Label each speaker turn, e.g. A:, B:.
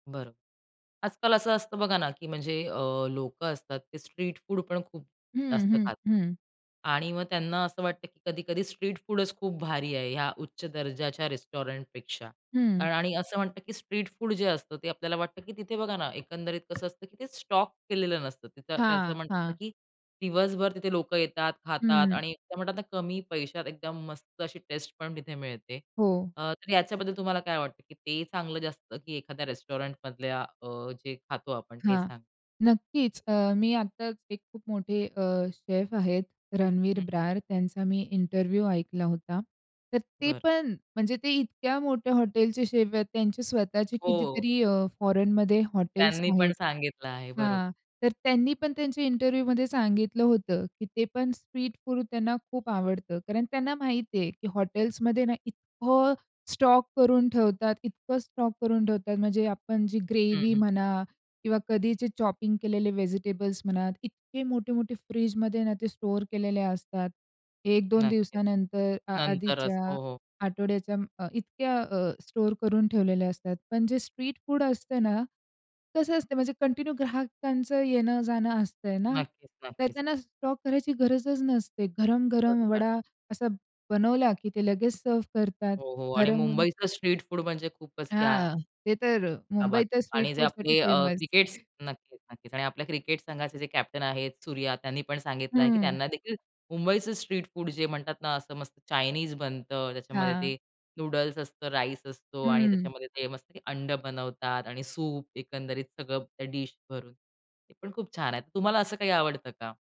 A: बरं. आजकाल असं असतं बघा ना, की म्हणजे अ, लोकं असतात ते स्ट्रीट फूड पण खूप
B: हं,
A: जास्त
B: हं,
A: खातात.
B: हं.
A: आणि मग त्यांना असं वाटतं, की कधी-कधी स्ट्रीट फूडच खूप भारी आहे या उच्च दर्जाच्या रेस्टॉरंटपेक्षा
B: हं.
A: कारण आणि असं म्हणतात, की स्ट्रीट फूड जे असतं ते आपल्याला वाटतं, की तिथे बघा ना, एकंदरीत कसं असतं, की ते स्टॉक केलेलं नसतं. त्याचं
B: हां,
A: म्हणतात ना,
B: हां.
A: की दिवसभर तिथे लोकं येतात, खातात
B: हं.
A: आणि ते म्हणतात ना, कमी पैशात एकदम मस्त अशी टेस्ट पण तिथे मिळते.
B: हो.
A: अ, तर याच्याबद्दल तुम्हाला काय वाटतं की ते चांगलं जास्त की एखाद्या रेस्टॉरंटमधल्या अ, जे खातो आपण ते
B: हां.
A: चांगलं?
B: नक्कीच. अ, मी आताच एक खूप मोठे अ, शेफ आहेत रणवीर
A: हं.
B: ब्रार. त्यांचा मी इंटरव्ह्यू ऐकला होता. तर ते
A: बरं.
B: पण म्हणजे ते इतक्या मोठ्या हॉटेलचे शेफ आहेत. त्यांचे स्वतःचे
A: हो.
B: कितीतरी अ, फोरेनमध्ये हॉटेल्स
A: त्यांनी पण
B: आहेत
A: सांगितलं आहे. बरोबर.
B: हां. तर त्यांनी पण त्यांचे इंटरव्ह्यू मध्ये सांगितलं होतं की ते पण स्ट्रीट फूड त्यांना खूप आवडतं. कारण त्यांना माहिती आहे की हॉटेल्समध्ये ना, इतकं स्टॉक करून ठेवतात, इतकं स्टॉक करून ठेवतात म्हणजे आपण जी
A: हं,
B: ग्रेव्ही
A: हं.
B: म्हणा किंवा कधीचे चॉपिंग केलेले व्हेजिटेबल्स म्हणा, इतके मोठे-मोठे फ्रिजमध्ये ना ते स्टोअर केलेले असतात. 1-2
A: नक्कीच.
B: दिवसानंतर, अ
A: नंतरच.
B: आधीच्या
A: हो, हो.
B: आठवड्याच्या म इतक्या अ, स्टोअर करून ठेवलेल्या असतात. पण जे स्ट्रीट फूड असतं ना, कसं असतं म्हणजे कंटिन्यू ग्राहकांचं येणं जाणं असतंय ना.
A: नक्कीच,
B: तर
A: नक्कीच.
B: त्यांना स्टॉक करायची गरजच नसते. गरम-गरम
A: बरोबर.
B: वडा असा बनवला, की ते लगेच सर्व्ह करतात.
A: हो, हो. आणि
B: गरम हून
A: मुंबईचं स्ट्रीट फूड म्हणजे खूपच क्या
B: हां. ते तर
A: बात
B: मुंबई तर स्ट्रीट
A: आणि जे
B: फूडसाठी
A: आपले अ,
B: फेमस.
A: क्रिकेटस नक्कीच, नक्कीच. आणि आपल्या क्रिकेट संघाचेजे कॅप्टन आहेत, सूर्या त्यांनी पण सांगितलं आहे, की
B: हं.
A: त्यांना देखील मुंबईच स्ट्रीट फूड जे म्हणतात ना असं मस्त चाइनीज बनतं. त्याच्यामध्ये
B: हां.
A: ते नूडल्स असतो, राईस असतो आणि
B: हं.
A: त्याच्यामध्ये ते मस्त अंड बनवतात आणि सूप एकंदरीत सगळं त्या डीश भरून. ते पण खूप छान आहे. तुम्हाला असं काही आवडतं का?